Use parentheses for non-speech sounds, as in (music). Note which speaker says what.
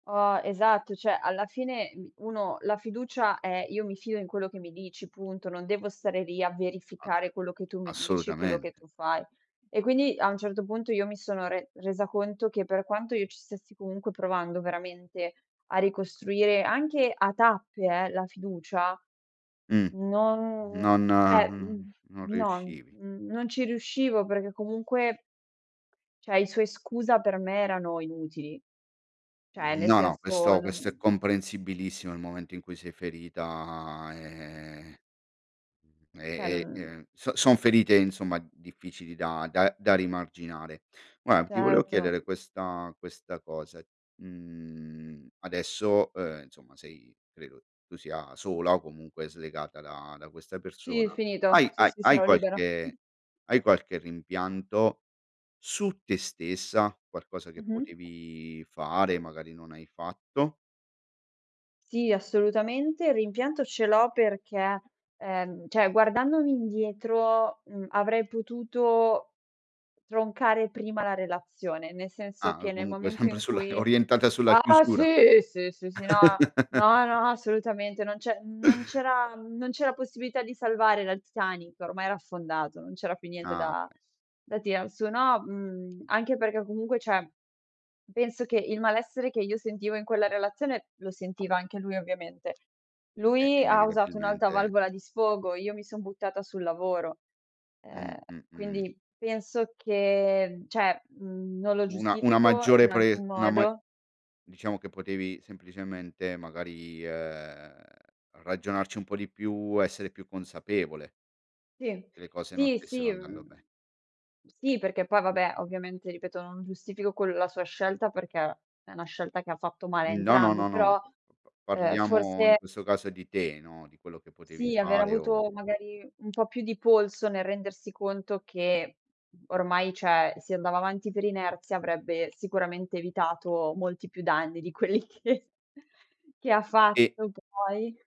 Speaker 1: Oh, esatto. Cioè, alla fine mi uno la fiducia è, io mi fido in quello che mi dici, punto. Non devo stare lì, a
Speaker 2: A
Speaker 1: verificare quello che tu mi dici, quello che
Speaker 2: assolutamente.
Speaker 1: tu fai. E quindi, a un certo punto, io mi sono re resa conto che per quanto io ci stessi comunque, provando veramente, a ricostruire, anche a tappe eh, la fiducia.
Speaker 2: Mh.
Speaker 1: Non
Speaker 2: Non
Speaker 1: cioè,
Speaker 2: uhm,
Speaker 1: mhmm,
Speaker 2: non
Speaker 1: no
Speaker 2: riuscivi.
Speaker 1: n non ci riuscivo perché comunque cioè, i suoi: "Scusa", per me erano inutili. Cioè,
Speaker 2: Mh,
Speaker 1: nel
Speaker 2: no, no.
Speaker 1: senso,
Speaker 2: Questo questo è
Speaker 1: non
Speaker 2: comprensibilissimo. Nel momento in cui sei ferita, ehm, mhmm,
Speaker 1: Cioè,
Speaker 2: e e
Speaker 1: non
Speaker 2: ehm, so son ferite, insomma, difficili da da da rimarginare. Guarda, ti volevo
Speaker 1: Certo.
Speaker 2: chiedere questa questa cosa. Mhmm, adesso, uhm, insomma, sei credo tu sia sola o comunque slegata da da questa
Speaker 1: Sì,
Speaker 2: persona.
Speaker 1: finito.
Speaker 2: Hai
Speaker 1: Sì,
Speaker 2: hai
Speaker 1: sì,
Speaker 2: hai
Speaker 1: sono libera.
Speaker 2: qualche
Speaker 1: (chuckles)
Speaker 2: hai qualche rimpianto su te stessa? Qualcosa che
Speaker 1: Mh-mh.
Speaker 2: potevi fare e magari non hai fatto?
Speaker 1: Sì, assolutamente. Il rimpianto ce l'ho perché ehm, cioè, guardandomi indietro, mhmm, avrei potuto troncare prima la relazione. Nel senso
Speaker 2: Ah,
Speaker 1: che,
Speaker 2: o
Speaker 1: nel
Speaker 2: comunque
Speaker 1: momento
Speaker 2: sempre
Speaker 1: in
Speaker 2: sulla
Speaker 1: cui
Speaker 2: orientata sulla
Speaker 1: ah,
Speaker 2: chiusura.
Speaker 1: sì! Sì, sì, sì! No, no,
Speaker 2: (chuckles)
Speaker 1: no, assolutamente. Non c'è non
Speaker 2: (inhales)
Speaker 1: c'era mhmm, non c'era possibilità di salvare la il Titanic. Ormai era affondato, non c'era più niente
Speaker 2: Ah,
Speaker 1: da
Speaker 2: okay.
Speaker 1: da tirar su no, mhmm, anche perché comunque, cioè, penso che, il malessere che io sentivo in quella relazione, lo sentiva anche lui ovviamente
Speaker 2: Eh,
Speaker 1: lui, ha usato un'alta
Speaker 2: inevitabilmente
Speaker 1: valvola di sfogo, io mi son buttata sul lavoro.
Speaker 2: Mh
Speaker 1: Ehm,
Speaker 2: mh-mh.
Speaker 1: quindi, penso che cioè, mhmm, non lo
Speaker 2: Una una
Speaker 1: giustifico
Speaker 2: maggiore
Speaker 1: in alcun
Speaker 2: pre una ma
Speaker 1: modo
Speaker 2: diciamo che potevi semplicemente, magari, ehm, ragionarci un po' di più. Essere più consapevole.
Speaker 1: Sì.
Speaker 2: che le cose non
Speaker 1: Sì,
Speaker 2: stessero
Speaker 1: sì
Speaker 2: andando
Speaker 1: mhmm,
Speaker 2: be
Speaker 1: sì. Perché poi vabbè, ovviamente, ripeto, non giustifico quel la sua scelta, perché è una scelta che ha fatto male a
Speaker 2: No, no, no,
Speaker 1: entrambi,
Speaker 2: no.
Speaker 1: però, ehm,
Speaker 2: Parliamo in
Speaker 1: forse
Speaker 2: questo caso di te, no, di quello che potevi
Speaker 1: sì, aver
Speaker 2: fare o
Speaker 1: avuto magari, un po' più di polso nel rendersi conto che ormai, cioè, si andava avanti per inerzia, avrebbe sicuramente evitato molti più danni di quelli che che ha
Speaker 2: E
Speaker 1: fatto poi.